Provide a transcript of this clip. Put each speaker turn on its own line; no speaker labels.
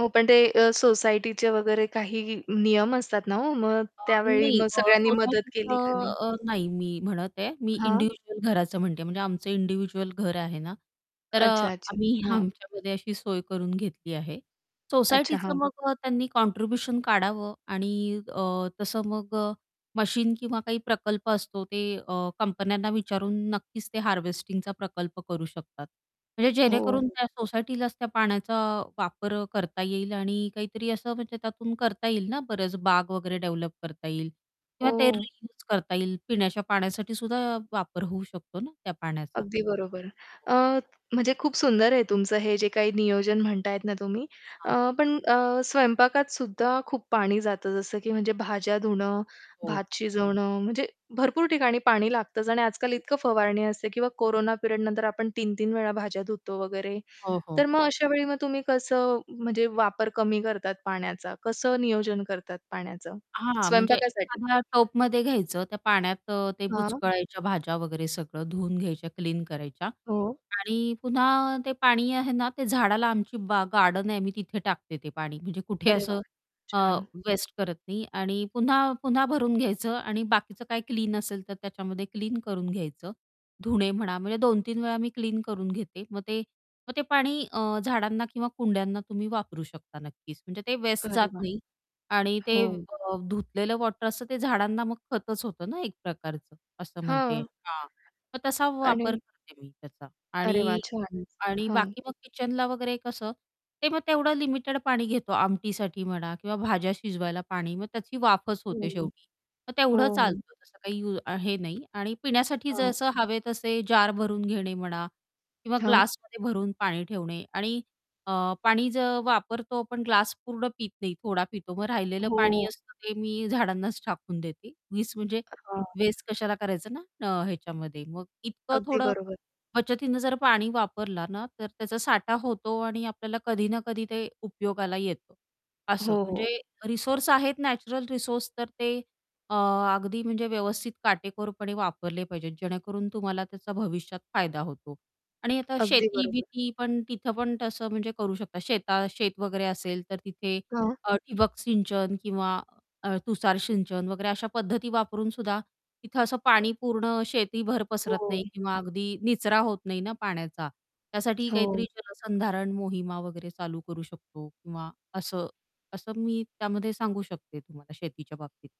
हो, पण ते अ, सोसायटीचे वगैरे काही नियम असतात ना, हो मग
अ,
त्यावेळी
नाही
मग
अ,
सगळ्यांनी मदत केली का
सोसायटीचं
नाही?
अ, नाही मी म्हणत आहे मी
हां.
इंडिव्हिज्युअल घराचं म्हणते म्हणजे आमचं इंडिव्हिज्युअल घर आहे ना, तर अ,
अच्छा-अच्छा.
आम्ही
हां.
आमच्यामध्ये अशी सोय करून घेतली आहे
अच्छा,
सोसायटीचं
हां.
मग अ, त्यांनी कॉन्ट्रिब्युशन काढावं आणि अ, तसं मग अ, मशीन किंवा काही प्रकल्प असतो ते अ, कंपन्यांना विचारून नक्कीच ते हार्वेस्टिंगचा प्रकल्प करू शकतात म्हणजे
हो,
जेणेकरून
हो.
त्या सोसायटीलाच त्या पाण्याचा वापर करता येईल आणि काहीतरी असं म्हणजे त्यातून करता येईल ना बरेच बाग वगैरे डेव्हलप करता येईल किंवा ते
हो.
रियूज करता येईल पिण्याच्या पाण्यासाठी सुद्धा वापर होऊ शकतो ना त्या पाण्याचा.
अगदी बरोबर. अ, म्हणजे खूप सुंदर आहे तुमचं हे जे काही नियोजन म्हणताय ना, तुम्ही. अ,
हां.
पण अ, स्वयंपाकात सुद्धा खूप पाणी जातं जसं की म्हणजे भाज्या धुणं,
हो.
भात शिजवणं म्हणजे भरपूर ठिकाणी पाणी लागतंच आणि आजकाल इतकं फवारणी असते किंवा कोरोना पीरियड नंतर आपण 3-3 वेळा भाज्या धुतो वगैरे
हो, हो.
तर मग अशा वेळी मग तुम्ही कसं म्हणजे वापर कमी करतात पाण्याचा, कसं नियोजन करतात पाण्याचं
हां, म्हणजे
स्वयंपाकासाठी.
एखाद्या टपमध्ये घ्यायचं त्या पाण्यात अ, ते
हां.
बुचकळायच्या भाज्या वगैरे सगळं धुवून घ्यायच्या, क्लीन करायच्या
हो.
आणि पुन्हा ते पाणी आहे ना, ते झाडाला आमची बा गार्डन आहे आम्ही तिथे टाकते ते पाणी. म्हणजे कुठे
अरे वाह!
असं अ,
छान.
वेस्ट करत नाही आणि पुन्हा-पुन्हा भरून घ्यायचं आणि बाकीचं काही क्लीन असेल तर त्याच्यामध्ये क्लीन करून घ्यायचं धुणे म्हणा म्हणजे 2-3 वेळा मी क्लीन करून घेते. मग ते मग ते पाणी अ, झाडांना किंवा कुंड्यांना तुम्ही वापरू शकता नक्कीच म्हणजे ते वेस्ट
अरे
जात
वाह!
नाही आणि ते
हो.
अ, धुतलेलं वॉटर असंत झाडांना मग खतच होतं ना, एक प्रकारचं असं म्हणते.
हां.
हां. मग तसा वापर
आणि
करते मी त्याचा
अरे वाह!
आणि
छान
आणि
हां.
बाकी मग किचनला वगैरे कसं ते मग तेवढं लिमिटेड पाणी घेतो आमटीसाठी म्हणा किंवा भाज्या शिजवायला पाणी मग त्याची वाफच
हं,
होते
हं.
शेवटी मग
हो
तेवढं
हो.
चालतं तसं काही यू अ, हे नाही. आणि पिण्यासाठी
हां.
जसं हवे तसे जार भरून घेणे म्हणा किंवा
हां.
ग्लासमध्ये भरून पाणी ठेवणे आणि अ, पाणी ज वापरतो पण ग्लास पूर्ण पीत नाही थोडा पितो मग राहिलेलं पाणी
हो.
असतं ते मी झाडांनाच टाकून देते उगीच म्हणजे
हां.
वेस्ट कशाला करायचं ना अ, ह्याच्यामध्ये मग इतकं
अगदी
थोडं
बरोबर.
बचतीनं जर पाणी वापरला ना, तर त्याचा साठा होतो आणि आपल्याला कधी ना, कधी ते उपयोगाला येतं असं
हो,
म्हणजे
हो.
रिसोर्स आहेत नॅचरल रिसोर्स तर ते अ, अगदी म्हणजे व्यवस्थित काटेकोरपणे वापरले पाहिजेत, जेणेकरून तुम्हाला त्याचा भविष्यात फायदा होतो आणि आता
अगदी बरोबर.
शेती-बिती पण तिथं पण तसं म्हणजे करू शकता शेता शेत वगैरे असेल, तर तिथे
हां.
अ, ठिबक सिंचन किंवा तुषार सिंचन वगैरे अशा पद्धती वापरून सुद्धा तिथं असं पाणी पूर्ण शेतीभर पसरत
हो.
नाही किंवा अगदी निचरा होत नाही ना पाण्याचा, त्यासाठी
हो.
काहीतरी जलसंधारण मोहिमा वगैरे चालू करू शकतो किंवा असं असं मी त्यामध्ये सांगू शकते तुम्हाला शेतीच्या बाबतीत.